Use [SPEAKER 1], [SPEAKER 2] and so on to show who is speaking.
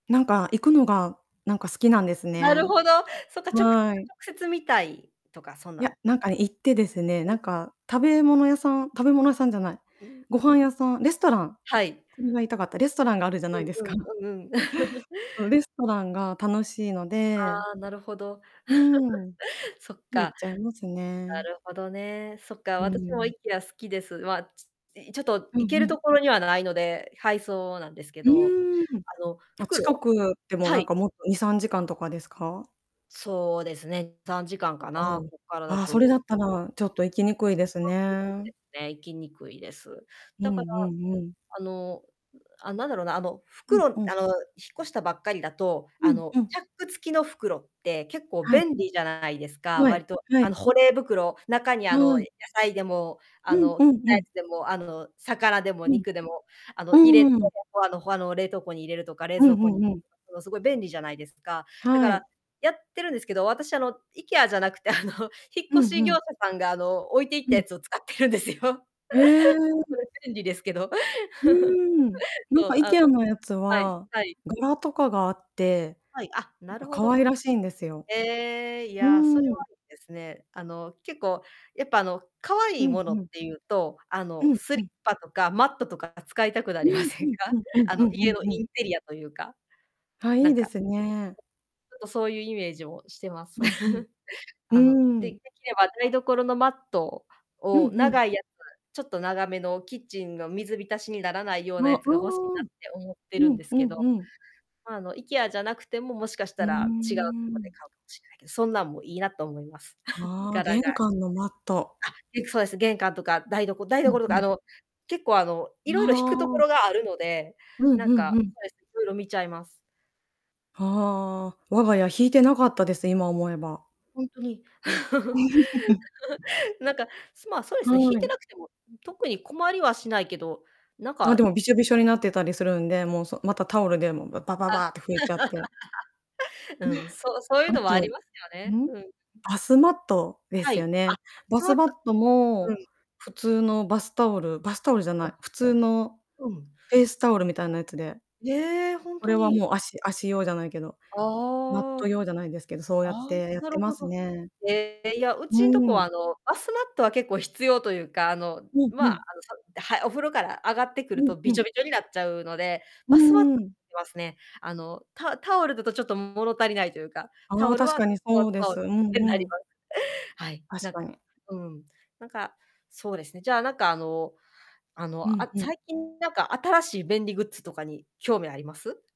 [SPEAKER 1] なんか行くのが、なんか好きなんです
[SPEAKER 2] なる
[SPEAKER 1] ね。
[SPEAKER 2] ほど。そっか。直接直
[SPEAKER 1] はい。
[SPEAKER 2] 接見たいとか、そん
[SPEAKER 1] い
[SPEAKER 2] なん
[SPEAKER 1] や、なんか行ってですね。
[SPEAKER 2] う
[SPEAKER 1] な
[SPEAKER 2] ん。
[SPEAKER 1] んか食べ物屋さん食べ物屋さんじゃない。
[SPEAKER 2] うん。
[SPEAKER 1] ご飯屋さん。レストラン。
[SPEAKER 2] はい。
[SPEAKER 1] それが言いたかった。レストランがあるじゃな
[SPEAKER 2] う
[SPEAKER 1] い
[SPEAKER 2] ん
[SPEAKER 1] です
[SPEAKER 2] う
[SPEAKER 1] か。
[SPEAKER 2] ん、うんうん。
[SPEAKER 1] そう。レストランが楽しいので。
[SPEAKER 2] ああ。なるほど。
[SPEAKER 1] うん。
[SPEAKER 2] そっか。
[SPEAKER 1] 行っちゃいます
[SPEAKER 2] な
[SPEAKER 1] ね。
[SPEAKER 2] るほどね。そっか。
[SPEAKER 1] う
[SPEAKER 2] 私も
[SPEAKER 1] ん。
[SPEAKER 2] IKEA 好きです。まあ、ちょ、いちょっと、
[SPEAKER 1] うん
[SPEAKER 2] 行け
[SPEAKER 1] う
[SPEAKER 2] ると
[SPEAKER 1] ん。
[SPEAKER 2] ころにはないので、配送なんですけ
[SPEAKER 1] う
[SPEAKER 2] ど。
[SPEAKER 1] ーん。
[SPEAKER 2] あの、
[SPEAKER 1] あ、近
[SPEAKER 2] 袋
[SPEAKER 1] くでも、
[SPEAKER 2] は
[SPEAKER 1] なん
[SPEAKER 2] い。
[SPEAKER 1] か、もっと、2、3時間とかですか？
[SPEAKER 2] そうですね。3時間か
[SPEAKER 1] あ、う
[SPEAKER 2] な、
[SPEAKER 1] ん。
[SPEAKER 2] こっからだ
[SPEAKER 1] ああ、それだ
[SPEAKER 2] と。
[SPEAKER 1] った
[SPEAKER 2] た
[SPEAKER 1] ら、ちょっと行き
[SPEAKER 2] ぶん、うん。
[SPEAKER 1] にくいです
[SPEAKER 2] そう
[SPEAKER 1] ね。
[SPEAKER 2] ですね。行きにくいです。
[SPEAKER 1] う
[SPEAKER 2] だから、
[SPEAKER 1] んうんうん。
[SPEAKER 2] あの、う、あ、なんだろうな。あの、
[SPEAKER 1] うん、
[SPEAKER 2] 袋あの、
[SPEAKER 1] うん。
[SPEAKER 2] 引っ越したばっかりだと、
[SPEAKER 1] う
[SPEAKER 2] あ
[SPEAKER 1] ん、
[SPEAKER 2] の、
[SPEAKER 1] うん。
[SPEAKER 2] チャック付きの袋って結構
[SPEAKER 1] はい。
[SPEAKER 2] 便利じゃないですか。
[SPEAKER 1] はい、
[SPEAKER 2] 割と、
[SPEAKER 1] は
[SPEAKER 2] あ
[SPEAKER 1] い。
[SPEAKER 2] の、保冷袋。中に、あ
[SPEAKER 1] は
[SPEAKER 2] の、
[SPEAKER 1] い。
[SPEAKER 2] 野菜でも、
[SPEAKER 1] う
[SPEAKER 2] あ
[SPEAKER 1] ん
[SPEAKER 2] の、
[SPEAKER 1] う
[SPEAKER 2] 切っ
[SPEAKER 1] ん
[SPEAKER 2] た
[SPEAKER 1] う
[SPEAKER 2] や
[SPEAKER 1] ん。
[SPEAKER 2] つでも、あの、魚でも
[SPEAKER 1] うん。
[SPEAKER 2] 肉でも、あ
[SPEAKER 1] う
[SPEAKER 2] の、入れて、
[SPEAKER 1] んうん。
[SPEAKER 2] ほ、あの、ほ、あの、冷凍庫に入れるとか、冷
[SPEAKER 1] うん
[SPEAKER 2] 蔵庫
[SPEAKER 1] う
[SPEAKER 2] に
[SPEAKER 1] んうん。
[SPEAKER 2] すごい便利じゃないですか。だか
[SPEAKER 1] は
[SPEAKER 2] ら、
[SPEAKER 1] い。
[SPEAKER 2] やってるんですけど、私、あの、IKEA じゃなくて、あの、引っ
[SPEAKER 1] う
[SPEAKER 2] 越
[SPEAKER 1] ん
[SPEAKER 2] し
[SPEAKER 1] う
[SPEAKER 2] 業
[SPEAKER 1] ん。
[SPEAKER 2] 者さんが、あの、置いていっ
[SPEAKER 1] う
[SPEAKER 2] た
[SPEAKER 1] ん。
[SPEAKER 2] やつを使ってるんですよ。
[SPEAKER 1] へえ。うん。
[SPEAKER 2] それ便利ですけど。
[SPEAKER 1] うーん。なん
[SPEAKER 2] そ
[SPEAKER 1] か
[SPEAKER 2] う、あ、
[SPEAKER 1] IKEA のやつ
[SPEAKER 2] はい、
[SPEAKER 1] は、
[SPEAKER 2] はい。
[SPEAKER 1] 柄とかがあって、
[SPEAKER 2] はい。あ、
[SPEAKER 1] な
[SPEAKER 2] な
[SPEAKER 1] ん
[SPEAKER 2] る
[SPEAKER 1] か、
[SPEAKER 2] ほ
[SPEAKER 1] 可
[SPEAKER 2] ど。
[SPEAKER 1] 愛らしいんですよ。
[SPEAKER 2] へえ。い
[SPEAKER 1] う
[SPEAKER 2] や、それは
[SPEAKER 1] ーん。
[SPEAKER 2] いいですね。あの、結構、やっぱ、あの、可愛
[SPEAKER 1] う
[SPEAKER 2] い
[SPEAKER 1] ん
[SPEAKER 2] もの
[SPEAKER 1] う
[SPEAKER 2] っ
[SPEAKER 1] ん。
[SPEAKER 2] ていうと、あ
[SPEAKER 1] う
[SPEAKER 2] の、
[SPEAKER 1] ん、
[SPEAKER 2] ス
[SPEAKER 1] う
[SPEAKER 2] リッ
[SPEAKER 1] ん。
[SPEAKER 2] パとかマットとか使いたくな
[SPEAKER 1] う
[SPEAKER 2] りま
[SPEAKER 1] ん
[SPEAKER 2] せ
[SPEAKER 1] う
[SPEAKER 2] ん
[SPEAKER 1] ん
[SPEAKER 2] か？
[SPEAKER 1] うんうん
[SPEAKER 2] あ
[SPEAKER 1] う
[SPEAKER 2] の、
[SPEAKER 1] んう
[SPEAKER 2] 家の
[SPEAKER 1] んうん。
[SPEAKER 2] インテリアというか。
[SPEAKER 1] あ、い
[SPEAKER 2] な
[SPEAKER 1] い
[SPEAKER 2] ん
[SPEAKER 1] で
[SPEAKER 2] か。
[SPEAKER 1] すね。
[SPEAKER 2] ちょっと、そういうイメージもしてます。
[SPEAKER 1] うんうん。
[SPEAKER 2] あの、
[SPEAKER 1] うー
[SPEAKER 2] で
[SPEAKER 1] ん。
[SPEAKER 2] できれば台所のマット
[SPEAKER 1] うん
[SPEAKER 2] を
[SPEAKER 1] うん。
[SPEAKER 2] 長いやつ。ちょっと、長めのキッチンの水浸しにならないよう
[SPEAKER 1] あ、
[SPEAKER 2] なやつが欲しい
[SPEAKER 1] う
[SPEAKER 2] な
[SPEAKER 1] ー
[SPEAKER 2] っ
[SPEAKER 1] ん。
[SPEAKER 2] て思って
[SPEAKER 1] う
[SPEAKER 2] るん
[SPEAKER 1] ん
[SPEAKER 2] で
[SPEAKER 1] う
[SPEAKER 2] すけ
[SPEAKER 1] ん
[SPEAKER 2] ど。
[SPEAKER 1] うん。
[SPEAKER 2] まあ、あの、IKEA じゃなくても、もしかし
[SPEAKER 1] う
[SPEAKER 2] た
[SPEAKER 1] ー
[SPEAKER 2] ら違うとこで
[SPEAKER 1] ん。
[SPEAKER 2] 買うかもしれないけど、そんなんも、いいなと思います。
[SPEAKER 1] ああ。
[SPEAKER 2] 柄
[SPEAKER 1] 玄
[SPEAKER 2] が。
[SPEAKER 1] 関のマット。
[SPEAKER 2] あ、結構そうです。玄関とか台どこ台
[SPEAKER 1] うん
[SPEAKER 2] 所と
[SPEAKER 1] う
[SPEAKER 2] か、あ
[SPEAKER 1] ん。
[SPEAKER 2] の、結構、あの、い
[SPEAKER 1] あ
[SPEAKER 2] ろいろ、ひくとこ
[SPEAKER 1] あ。
[SPEAKER 2] ろがあるので、
[SPEAKER 1] う
[SPEAKER 2] な
[SPEAKER 1] ん
[SPEAKER 2] ん
[SPEAKER 1] う
[SPEAKER 2] か、
[SPEAKER 1] んうん。
[SPEAKER 2] そうです。いろいろ見ちゃいます。
[SPEAKER 1] はあ、我が家ひいてなかったです。今思えば。
[SPEAKER 2] ほんとに。なんか、まあ、そうで
[SPEAKER 1] は
[SPEAKER 2] すね。ひいて
[SPEAKER 1] い。
[SPEAKER 2] なくても、特に困りはしないけど、なん
[SPEAKER 1] あ、
[SPEAKER 2] か
[SPEAKER 1] でも、びしょびしょになってたりするんで、もう、そ。また、タオルで、もう、ババ
[SPEAKER 2] あ。
[SPEAKER 1] バーって拭いちゃって。
[SPEAKER 2] うん。そう そういう
[SPEAKER 1] あ
[SPEAKER 2] のもあ
[SPEAKER 1] と、
[SPEAKER 2] りますよね。
[SPEAKER 1] ん、
[SPEAKER 2] うん。うん。
[SPEAKER 1] バスマットで
[SPEAKER 2] は
[SPEAKER 1] すよ
[SPEAKER 2] い。
[SPEAKER 1] ね。
[SPEAKER 2] あ、バ
[SPEAKER 1] バ
[SPEAKER 2] スマ
[SPEAKER 1] ス
[SPEAKER 2] ット。
[SPEAKER 1] マット
[SPEAKER 2] う
[SPEAKER 1] も、
[SPEAKER 2] ん。
[SPEAKER 1] 普通のバスタオルバスタオルじゃな
[SPEAKER 2] ほん
[SPEAKER 1] い。
[SPEAKER 2] と。
[SPEAKER 1] 普通の
[SPEAKER 2] うん。
[SPEAKER 1] フェイスタオルみたいなやつで。
[SPEAKER 2] ええ、ほん
[SPEAKER 1] こ
[SPEAKER 2] と
[SPEAKER 1] れは、
[SPEAKER 2] に。
[SPEAKER 1] もう、足足用じゃないけど。
[SPEAKER 2] あ
[SPEAKER 1] マット
[SPEAKER 2] あ。
[SPEAKER 1] 用じゃないですけど、そうや
[SPEAKER 2] あ
[SPEAKER 1] っ
[SPEAKER 2] あ、
[SPEAKER 1] てやっ
[SPEAKER 2] な
[SPEAKER 1] て
[SPEAKER 2] る
[SPEAKER 1] ま
[SPEAKER 2] ほ
[SPEAKER 1] す
[SPEAKER 2] ど。
[SPEAKER 1] ね。
[SPEAKER 2] へえ。いや、う
[SPEAKER 1] う
[SPEAKER 2] ちんとこは、
[SPEAKER 1] ん。
[SPEAKER 2] あの、バスマットは結構必要というか、あの、
[SPEAKER 1] うん、う
[SPEAKER 2] まあ、
[SPEAKER 1] ん。
[SPEAKER 2] あの、サって、はい。お風呂から上がってくる
[SPEAKER 1] うん、
[SPEAKER 2] と、び
[SPEAKER 1] う
[SPEAKER 2] ち
[SPEAKER 1] ん。
[SPEAKER 2] ょびちょになっちゃうので、
[SPEAKER 1] う
[SPEAKER 2] バスマット
[SPEAKER 1] ー
[SPEAKER 2] は
[SPEAKER 1] ん。
[SPEAKER 2] 要りますね。あの、タタオルだと、ちょっと物足りないというか、タ
[SPEAKER 1] ああ。
[SPEAKER 2] オル
[SPEAKER 1] 確
[SPEAKER 2] は、
[SPEAKER 1] かに そうです。うん
[SPEAKER 2] に
[SPEAKER 1] う
[SPEAKER 2] なり
[SPEAKER 1] ん。
[SPEAKER 2] ます。はい。
[SPEAKER 1] 確
[SPEAKER 2] なん
[SPEAKER 1] か
[SPEAKER 2] か
[SPEAKER 1] に。
[SPEAKER 2] うん。なんか、そうですね。じゃあ、なんか、あの、あ
[SPEAKER 1] う
[SPEAKER 2] の、
[SPEAKER 1] ん
[SPEAKER 2] あ、
[SPEAKER 1] うん。
[SPEAKER 2] 最近なんか、新しい便利グッズとかに興味あります？